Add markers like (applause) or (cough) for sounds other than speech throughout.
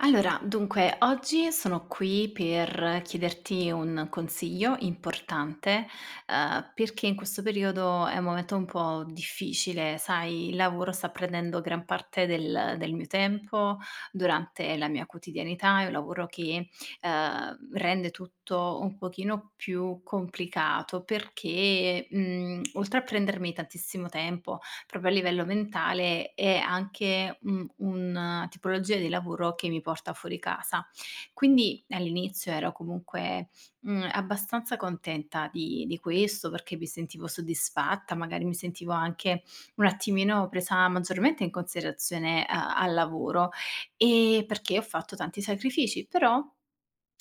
Allora, dunque: oggi sono qui per chiederti un consiglio importante, uhm, perché in questo periodo è un momento un po' difficile. Sai, il lavoro sta prendendo gran parte del del mio tempo durante la mia quotidianità. È un lavoro che, ehm, rende tutto un pochino più complicato, perché, mhmm, (clicks tongue) oltre a prendermi tantissimo tempo proprio a livello mentale, è anche un un tipologia di lavoro che mi porta fuori casa. Quindi, all'inizio, ero comunque, mhmm, abbastanza contenta di di questo, perché mi sentivo soddisfatta, magari mi sentivo anche un attimino presa maggiormente in considerazione, uhm, al lavoro, ehm, perché ho fatto tanti sacrifici. Però,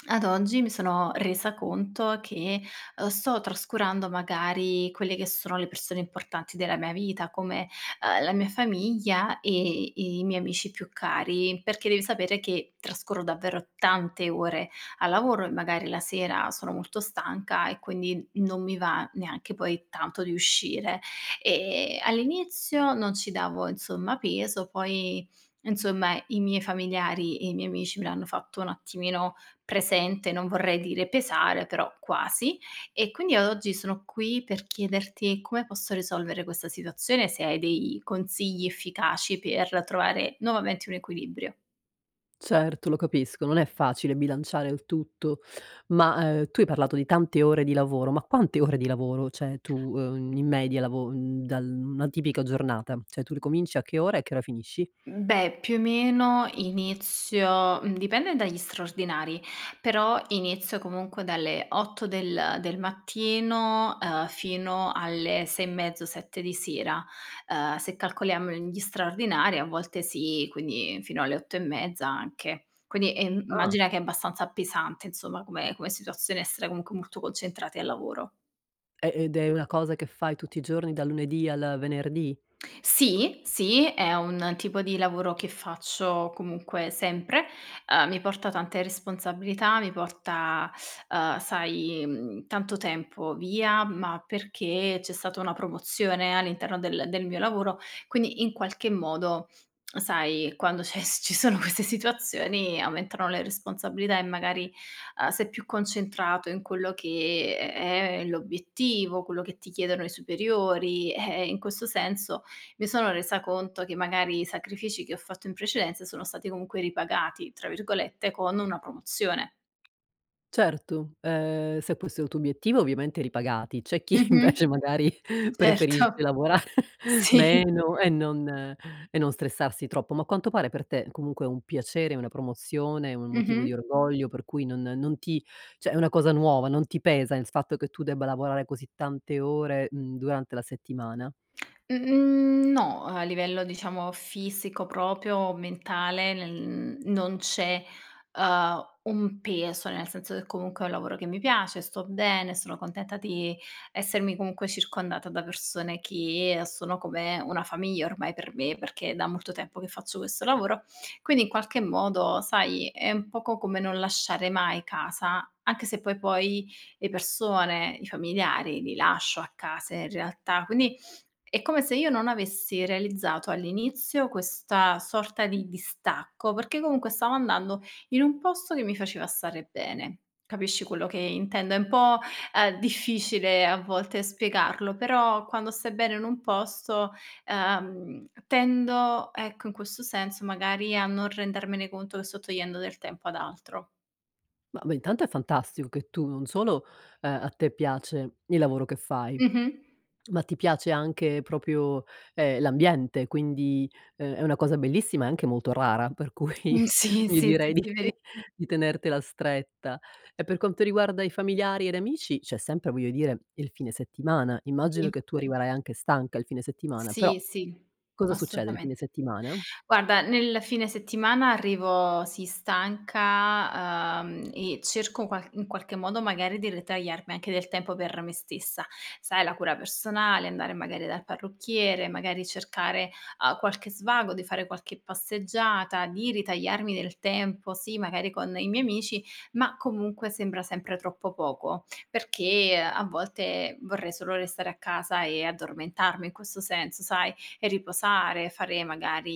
ad oggi mi sono resa conto che, uhm, sto trascurando magari quelle che sono le persone importanti della mia vita, come, uhm, la mia famiglia e i miei amici più cari. Perché devi sapere che trascorro davvero tante ore al lavoro e magari la sera sono molto stanca e quindi, non mi va neanche poi tanto di uscire. Ehm, all'inizio non ci davo, insomma, peso. Poi, insomma, i miei familiari e i miei amici me l'hanno fatto un attimino presente non vorrei dire pesare, però quasi. E quindi io oggi sono qui per chiederti come posso risolvere questa situazione, se hai dei consigli efficaci per trovare nuovamente un equilibrio. Certo, lo capisco. Non è facile bilanciare il tutto. Ma, ehm, tu hai parlato di tante ore di lavoro. Ma quante ore di lavoro? Cioè, tu, uhm, in media lavo mhmm, dal una tipica giornata. Cioè, tu ricominci a che ora? E a che ora finisci? Mhmm, beh, più o meno inizio mhmm, dipende dagli straordinari, però inizio comunque dalle 8 del del mattino, ehm, fino alle 6 e mezzo, 7 di sera. Ehm, se calcoliamo gli straordinari a volte sì quindi fino alle 8 e mezza anche. Quindi è mhmm, Ah. immagina che è abbastanza pesante insomma, come come situazione essere comunque, molto concentrate al lavoro. Ehm, ed è una cosa che fai tutti i giorni, dal lunedì al venerdì? Sì, sì, è un tipo di lavoro che faccio comunque sempre. Uhm, mi porta tante responsabilità, mi porta, uhm, sai, mhmm, tanto tempo via, ma perché c'è stata una promozione all'interno del del mio lavoro. Quindi, in qualche modo, sai, quando c'è ci sono queste situazioni aumentano le responsabilità, e magari, uhm, sei più concentrato in quello che, ehm, è l'obiettivo, quello che ti chiedono i superiori. Eh, in questo senso, mi sono resa conto che magari i sacrifici che ho fatto in precedenza, sono stati comunque "ripagati" tra virgolette, con una promozione. Certo, ehm, se questo è il tuo obiettivo, ovviamente ripagati. C'è chi Mh-mh. invece magari, Certo. preferisce lavorare Sì. meno e non e e non stressarsi troppo. Ma a quanto pare per te, comunque è un piacere, una promozione, un motivo di Mh-mh. orgoglio, per cui non non ti cioè è una cosa nuova, non ti pesa in s fatto che tu, debba lavorare così tante ore, mhmm, durante, la settimana? Mhmm, no. A livello diciamo fisico proprio, mentale, nel non c'è, uhm, un peso. Nel senso che comunque è un lavoro che mi piace, sto bene, sono contenta di essermi, comunque, circondata da persone che sono come una famiglia ormai per me, perché è da molto tempo che faccio questo lavoro. Quindi, in qualche modo, sai, è un poco come non lasciare mai casa, anche se poi poi le persone, i familiari, li lascio a casa in realtà. Quindi è come se io non avessi realizzato all'inizio questa sorta di distacco, perché comunque stavo andando in un posto che mi faceva stare bene. Capisci quello che intendo? È un po', ehm, difficile a volte spiegarlo, però quando stai bene in un posto, ehm, tendo ecco, in questo senso magari, a non rendermene conto che sto togliendo del tempo ad altro. Ma, beh, intanto è fantastico che tu, non solo, ehm, a te piace il lavoro che fai, Mh-mh. ma ti piace anche proprio, ehm, l'ambiente. Quindi, ehm, è una cosa bellissima e anche molto rara, per cui Mhmm, sì, io sì, sì, direi sì, veri (chuckles) di tenertela stretta. E per quanto riguarda i familiari ed amici c'è sempre, voglio dire, il fine settimana. Immagino Sì. che tu arriverai anche stanca il fine settimana, però Sì, sì, cosa succede il assolutamente. fine settimana? Guarda, nel fine settimana arrivo sì, stanca, ehm, e cerco qualc in qualche in qualche modo, magari di ritagliarmi anche del tempo per me stessa. Sai la cura personale, andare magari dal parrucchiere, magari cercare, uhm, qualche svago, di fare qualche passeggiata, di ritagliarmi del tempo sì, magari con i miei amici, ma comunque sembra sempre troppo poco. Perché a volte, vorrei solo restare a casa e addormentarmi in questo senso, sai, riposare, fare magari,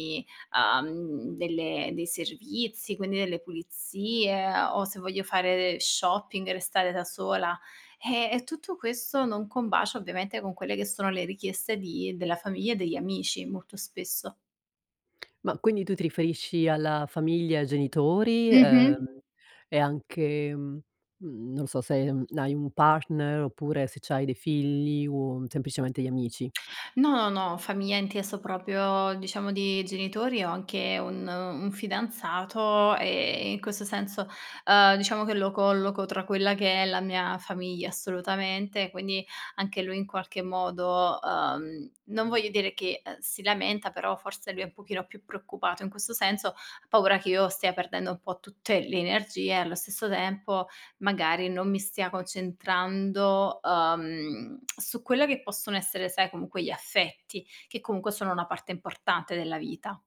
uhm, delle dei servizi, quindi delle pulizie o se voglio fare del shopping, restare da sola. Eh, e tutto questo non combacia ovviamente, con quelle che sono le richieste di della famiglia e degli amici molto spesso. Ma, quindi tu ti riferisci alla famiglia, ai genitori, Mh-mh. ehm, e anche mhmm, non lo so, se hai hai un partner, oppure se c'hai dei figli o semplicemente gli amici? No, no. Famiglia inteso proprio, diciamo di genitori. Ho anche un un fidanzato ehm, in questo senso, uhm, diciamo che lo colloco tra quella che è la mia famiglia, assolutamente. Quindi, anche lui in qualche modo uhm, non voglio dire che, ehm, si lamenta, però forse lui è un pochino più preoccupato in questo senso. Ha paura che io stia perdendo un po' tutte le energie e allo stesso tempo magari, non mi stia concentrando, uhm, (clicks tongue) su quella che possono essere, sai, comunque gli affetti, che comunque sono una parte importante della vita.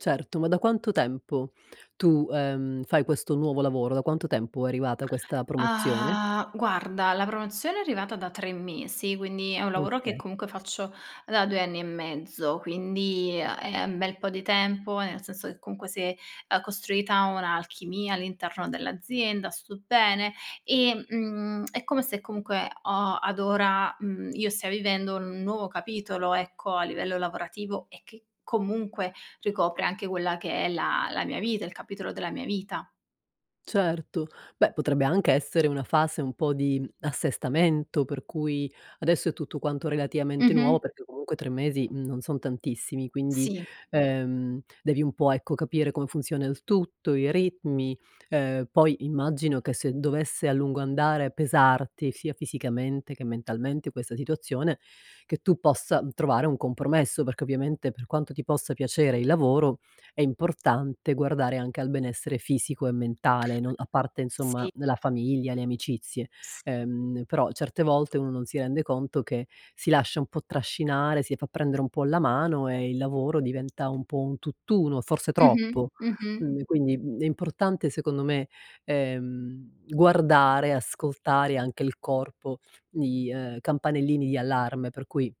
Certo, ma da quanto tempo tu, ehm, fai questo nuovo lavoro? Da quanto tempo è arrivata questa promozione? Ah, guarda la promozione è arrivata da 3 mesi, quindi è un lavoro che Okay. comunque faccio da 2 anni e mezzo, quindi, ehm, è un bel po' di tempo. Nel senso che comunque, s'è, ehm, costruita un'alchimia all'interno dell'azienda, sto bene. Ehm, mhmm, (clicks tongue) è come se comunque ho ad ora, mhmm, io stia vivendo un nuovo capitolo ecco, a livello lavorativo, e che comunque ricopre anche quella che è la la mia vita il capitolo della mia vita. Certo, beh potrebbe anche essere una fase un po' di assestamento, per cui adesso è tutto quanto relativamente nuovo, Mh-mh. perché comunque 3 mesi non sono tantissimi; quindi, Sì. ehm, devi un po', ecco, capire come funziona il tutto, i ritmi. Ehm, poi immagino che, se dovesse a lungo andare pesarti, sia fisicamente, che mentalmente questa situazione, che tu possa trovare un compromesso, perché ovviamente per quanto ti possa piacere il lavoro, è importante guardare anche al benessere fisico e mentale, non a parte insomma, Sì. mhmm, la famiglia, le amicizie. Sì. Ehm, però, certe volte uno non si rende conto che si lascia un po' trascinare, si fa prendere un po' la mano, e il lavoro diventa un po' un tutt'uno, forse Mh-mh, troppo. mh-mh. Quindi quindi, mhmm, è importante secondo me, ehm, guardare, ascoltare, anche il corpo di uhm, campanellini di allarme, per cui,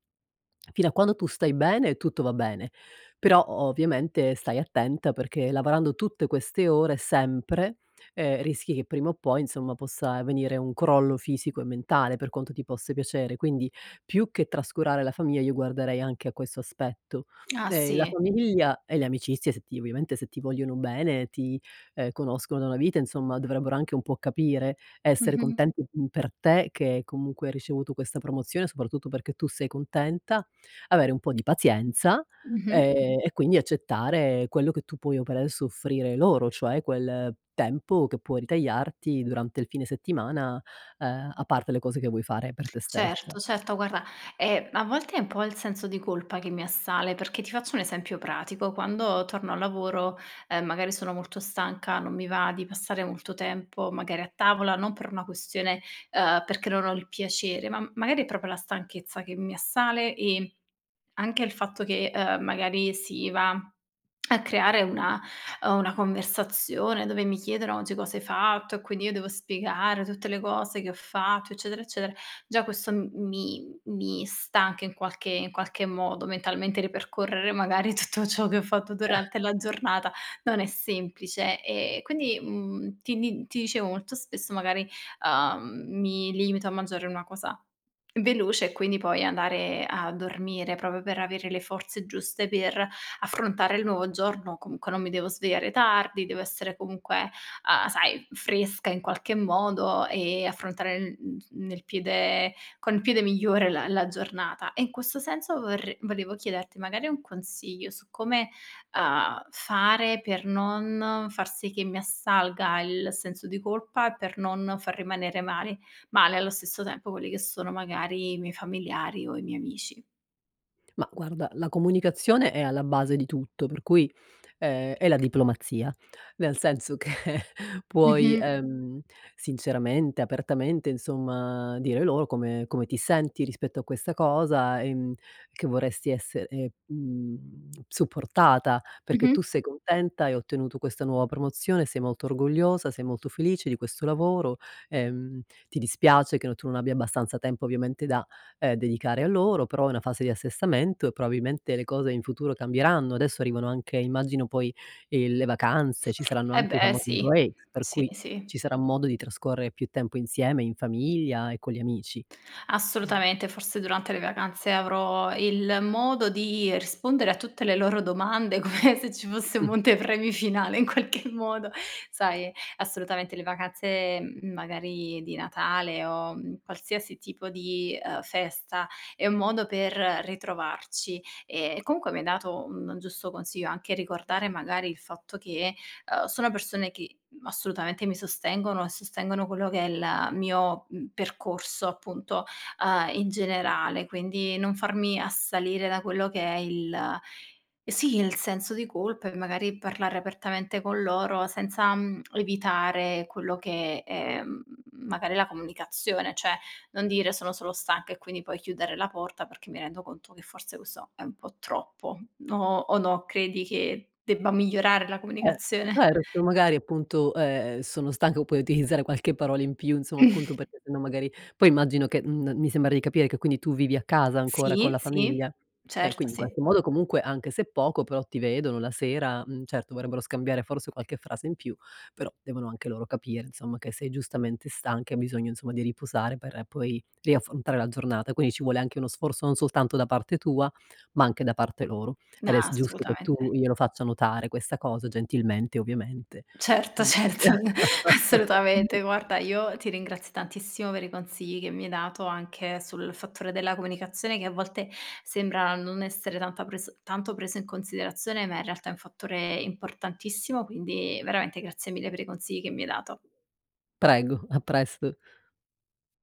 fino a quando tu stai bene tutto va bene, però o ovviamente stai attenta perché lavorando tutte queste ore, sempre, ehm, rischi che prima o poi, insomma, possa venire un crollo fisico e mentale, per quanto ti possa piacere; quindi più che trascurare la famiglia, io guarderei anche a questo aspetto. Ah, Ehm, la sì. famiglia e le amicizie se ti ovviamente se ti vogliono bene, ti, ehm, conoscono una vita, insomma dovrebbero anche un po' capire, essere Mh-mh. contenti (unintelligible) per te, che comunque hai ricevuto questa promozione, soprattutto perché tu sei contenta, avere un po' di pazienza, Mh-mh. ehm, e quindi accettare quello che tu puoi o per adesso soffrire loro, cioè quel tempo che puoi ritagliarti durante il fine settimana, ehm, a parte le cose che vuoi fare per te stessa. Certo, certo. Guarda, ehm, a volte è un po' il senso di colpa che mi assale, perché ti faccio un esempio pratico: quando torno al lavoro, ehm, magari sono molto stanca, non mi va di passare molto tempo, magari a tavola, non per una questione, ehm, perché non ho il piacere, ma, mhmm, magari è proprio la stanchezza che mi assale e anche il fatto che, ehm, magari si va (clicks tongue) a creare una, ehm una conversazione, dove mi chiedono: "Oggi cosa hai fatto," e quindi io devo spiegare tutte le cose che ho fatto eccetera, eccetera; già questo, mhmm, mi mi stanca in qualche in qualche modo, mentalmente ripercorrere magari tutto ciò che ho fatto durante (chuckles) la giornata, non è semplice. Ehm, quindi, mhmm, ti di ti dicevo molto spesso magari, uhm, mi limito a mangiare una cosa veloce e quindi poi andare a dormire, proprio per avere le forze giuste per affrontare il nuovo giorno, comunque non mi devo svegliare tardi, devo essere comunque, uhm, sai fresca in qualche modo e affrontare, uhm uhm, nel piede con il piede migliore la la giornata. E in questo senso, vorre volevo chiederti magari un consiglio su come, uhm, fare per non far sì che mi assalga il senso di colpa, per non far rimanere mal male allo stesso tempo quelli che sono magari i miei familiari o i miei amici. Ma guarda, la comunicazione è alla base di tutto, per cui, ehm, è la diplomazia. Nel senso, che puoi, Mh-mh. ehm, sinceramente, apertamente, insomma, dire loro come come ti senti rispetto a questa cosa, ehm, che vorresti esser ehm supportata, perché Mh-mh. tu sei contenta, hai ottenuto questa nuova promozione, sei molto orgogliosa, sei molto felice di questo lavoro, ehm, ti dispiace che tu non abbia abbastanza tempo, ovviamente da, ehm, dedicare a loro, però, è una fase di assestamento e probabilmente le cose in futuro cambieranno. Adesso arrivano anche immagino poi, ehm, le vacanze, ci saranno Eh anche i beh famosi sì, (unintelligible) per sì cui sì. ci, sarà modo di trascorrere più tempo insieme in famiglia e con gli amici. Assolutamente, forse durante le vacanze avrò il modo di rispondere a tutte le loro domande, come se ci fosse un Mh. monte premi finale in qualche modo. Sai, assolutamente le vacanze magari di Natale, o qualsiasi tipo di, ehm, festa è un modo per ritrovarci, e comunque mi hai dato un giusto consiglio, anche ricordare magari il fatto che, ehm, sono persone che assolutamente mi sostengono, e sostengono quello che è il mio, mhmm, percorso appunto, uhm, in generale. Quindi, non farmi assalire da quello che è il sì il senso di colpa, e magari parlare apertamente con loro senza, mhmm, evitare quello che, ehm, magari la comunicazione. Cioè, non dire sono solo stanca, e quindi puoi chiudere la porta, perché mi rendo conto che forse questo è un po' troppo no? O no, credi che debba migliorare la Eh comunicazione? certo, magari appunto, ehm, sono stanco poi utilizzare qualche parola in più insomma, appunto (chuckles) perché sennò magari, poi immagino che m mi sembra di capire che quindi tu vivi a casa, ancora con Sì la sì, famiglia? Eh, certo quindi in sì. qualche modo comunque, anche se poco però, ti vedono la sera, mhmm, certo, vorrebbero scambiare forse qualche frase in più, però, devono anche loro capire insomma che sei giustamente stanca, e hai bisogno insomma di riposare per poi riaffrontare la giornata. Quindi ci vuole anche uno sforzo non soltanto da parte tua, ma anche da parte loro, No ed è s giusto che assolutamente. tu glielo faccia notare questa cosa, gentilmente ovviamente. Certo (unintelligible) certo (laughs) assolutamente guarda io ti ringrazio tantissimo per i consigli che mi hai dato, anche sul fattore della comunicazione, che a volte sembra non essere tanta preso tanto preso in considerazione ma in realtà è un fattore importantissimo, quindi veramente grazie mille per i consigli che mi hai dato. Prego, a presto.